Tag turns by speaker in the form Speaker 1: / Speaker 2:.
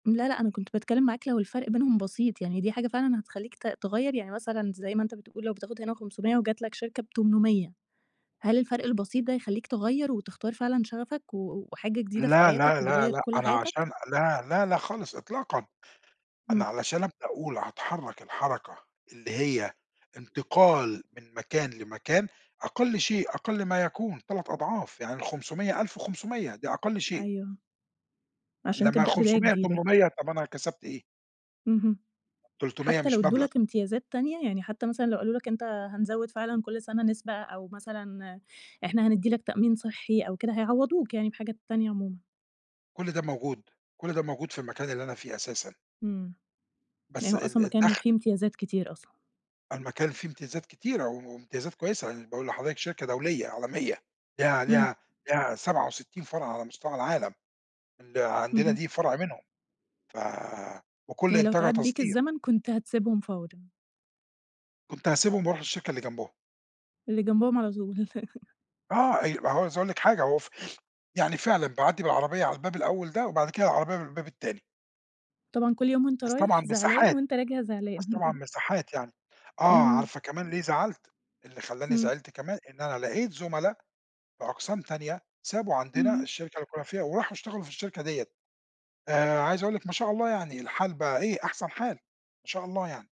Speaker 1: لا، لأ، أنا كنت باتكلم معاك لو الفرق بينهم بسيط، يعني دي حاجة فعلًا هتخلّيك ت تغيَّر، يعني مثلًا زي ما أنت بتقول لو بتاخد هنا 500 وجات لك شركة ب800 هل الفرق البسيط ده يخلّيك تغيَّر وتختار فعلًا شغفك و وحاجة جديدة في
Speaker 2: لا،
Speaker 1: حياتك
Speaker 2: لا، لا،
Speaker 1: وتغيَّر
Speaker 2: لا،
Speaker 1: كل
Speaker 2: أنا
Speaker 1: حياتك؟
Speaker 2: عشان لا، لا، لا، خالص إطلاقًا،
Speaker 1: إمم.
Speaker 2: أنا علشان أبدأ أقول هاتحرك الحركة اللي هي انتقال من مكان لمكان أقل شيء أقل ما يكون 3 أضعاف يعني ال500، 1500، دي أقل شيء.
Speaker 1: أيوه. عشان
Speaker 2: لمّا
Speaker 1: تبدأ بداية
Speaker 2: الخُمْسمِيَّة
Speaker 1: جديدة.
Speaker 2: تُمْنمِيَّة طَب أنا كسبت إيه؟
Speaker 1: اهم.
Speaker 2: 300
Speaker 1: حتى لو
Speaker 2: مش
Speaker 1: اِدّوا
Speaker 2: مَبلغ.
Speaker 1: لك إمتيازات تانية يعني حتى مثلًا لو قالوا لك أنت هنزوّد فعلًا كل سَنة نسبة، أو مثلًا إحنا هندّي لك تأمين صحي، أو كده هيعوضوك يعني بحاجات تانية عمومًا؟
Speaker 2: كل ده موجود، كل ده موجود في المكان اللي أنا فيه أساسًا.
Speaker 1: إمم. يعني
Speaker 2: بس
Speaker 1: هو
Speaker 2: ال ال
Speaker 1: أصلًا مكان
Speaker 2: الدخْل.
Speaker 1: فيه امتيازات كتير أصلًا؟
Speaker 2: المكان فيه امتيازات كتيرة، و وامتيازات كويسة، يعني باقول لحضرتِك شركة دولية عالمية، ليها
Speaker 1: إمم.
Speaker 2: ليها ليها 67 فرع على مستوى العالم، اللي عندنا
Speaker 1: اهم.
Speaker 2: دي فرع منهم، ف وكل
Speaker 1: يعني لو
Speaker 2: إنتاجها
Speaker 1: اتعاد بيك
Speaker 2: تصدير.
Speaker 1: الزمن كنت هتسيبهم فورًا؟
Speaker 2: كنت هاسيبهم وارُوح الشركة اللي جنبهم.
Speaker 1: اللي جنبهم على طول.
Speaker 2: آه ي وعاوز أقول لِك حاجة هو ف يعني فعلًا باعدِّي بالعربية على الباب الأول ده وبعد كده العربية من الباب التاني.
Speaker 1: طبعًا كل يوم وأنت
Speaker 2: بس طبعًا
Speaker 1: رايح زعلان،
Speaker 2: مساحات،
Speaker 1: وأنت راجع زعلان؟
Speaker 2: بس طبعًا مساحات يعني. آه
Speaker 1: اهم.
Speaker 2: عارفة كمان ليه زعلت، اللي خلّاني
Speaker 1: إمم.
Speaker 2: زعلت كمان إن أنا لقيت زملا في أقسام تانية سابوا عندنا
Speaker 1: اهم.
Speaker 2: الشركة اللي كنا فيها، وراحوا اشتغلوا في الشركة ديّة، آآ، عايز أقول لِك ما شاء الله يعني الحال بقى إيه أحسن حال، ما شاء الله يعني.